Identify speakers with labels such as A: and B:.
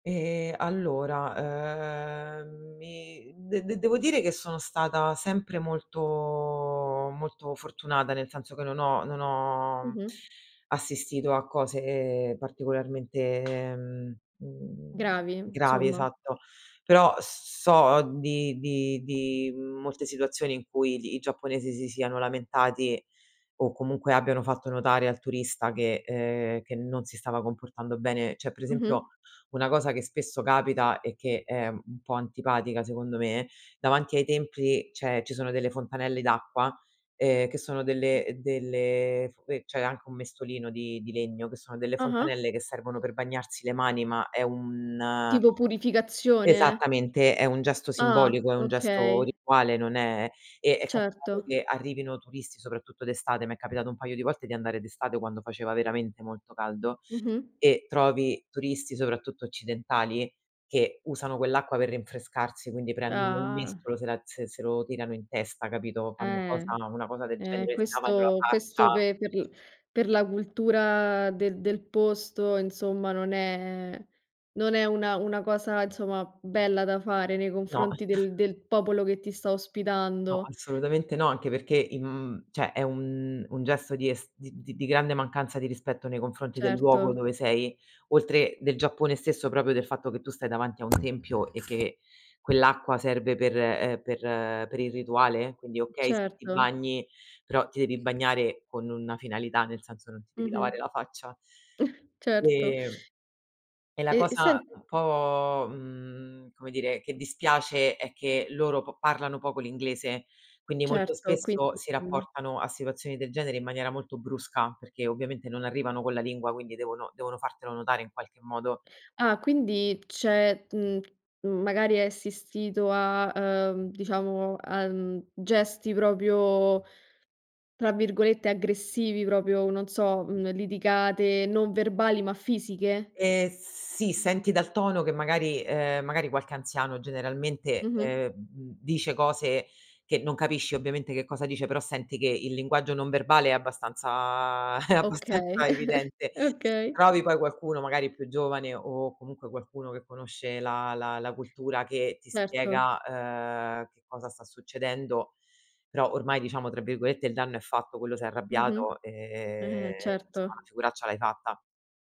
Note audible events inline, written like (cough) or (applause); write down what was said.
A: Ehm, allora, ehm, mi de de devo dire che sono stata sempre molto molto fortunata, nel senso che non ho non ho
B: Mh-mh.
A: assistito a cose particolarmente mhmm, mhmm,
B: Gravi
A: gravi,
B: insomma.
A: esatto. Però s so di di di molte situazioni in cui gli i giapponesi si siano lamentati o comunque abbiano fatto notare al turista che ehm, che non si stava comportando bene. C'è per
B: Mh-mh.
A: esempio una cosa che spesso capita e che è un po' antipatica secondo me, davanti ai templi c'è ci sono delle fontanelle d'acqua, ehm, che sono delle delle sque c'è anche un mestolino di di legno che sono delle
B: Ah-ah.
A: fontanelle che servono per bagnarsi le mani, ma è un
B: Tipo purificazione?
A: Esattamente, è un gesto
B: Ah.
A: simbolico, è un gesto
B: Okay.
A: rituale, non è e è capitato
B: Certo.
A: che arrivino turisti, soprattutto d'estate, mi è capitato un paio di volte di andare d'estate quando faceva veramente molto caldo,
B: Mh-mh.
A: e trovi turisti soprattutto occidentali che usano quell'acqua per rinfrescarsi, quindi prendono il
B: Ah.
A: mestolo, se la se se lo tirano in testa, capito, fanno
B: Eh.
A: cosa una cosa del
B: Eh,
A: genere, si lavano la
B: questo
A: faccia.
B: questo pe per per la cultura del del posto insomma non è non è una una cosa insomma bella da fare nei
A: No.
B: confronti del
A: (chuckles)
B: del popolo che ti sta
A: No,
B: ospitando.
A: assolutamente no, anche perché in mhmm, cioè è un un gesto di es di di grande mancanza di rispetto nei confronti del luogo
B: Certo.
A: dove sei, oltre del Giappone stesso proprio del fatto che tu stai davanti a un tempio e che quell'acqua serve per, ehm, per per il rituale, quindi okay, sì ti
B: Certo.
A: bagni, però ti devi bagnare con una finalità, nel senso non ti devi
B: Mh-mh.
A: lavare la faccia.
B: (chuckles) Certo.
A: Ehm, e la
B: E
A: cosa,
B: sen
A: uhm, un po', mhmm, come dire che dispiace è che loro p parlano poco l'inglese, quindi molto
B: Certo,
A: spesso
B: quindi
A: si
B: sei
A: rapportano a situazioni del genere in maniera molto brusca, perché ovviamente non arrivano con la lingua, quindi devono devono fartelo notare in qualche modo.
B: Ah, quindi c'è, mhmm, magari hai assistito a, ehm, diciamo a, mhmm, gesti proprio tra virgolette "aggressivi", proprio non so, uhm, litigate non verbali ma fisiche?
A: Ehm, sì, senti dal tono che magari, ehm, magari qualche anziano generalmente,
B: Mh-mh.
A: ehm, m m dice cose che non capisci ovviamente che cosa dice, però senti che il linguaggio non verbale è abbastanza (chuckles) è
B: Okay,
A: abbastanza
B: (chuckles)
A: evidente.
B: okay.
A: Trovi poi qualcuno magari più giovane o comunque qualcuno che conosce la la la cultura che ti
B: Certo.
A: spiega, ehm, che cosa sta succedendo. Però ormai diciamo tra virgolette "il danno è fatto", quello s'è
B: Mh-mh.
A: arrabbiato, ehm,
B: Eh,
A: insomma, la
B: certo.
A: figuraccia l'hai fatta.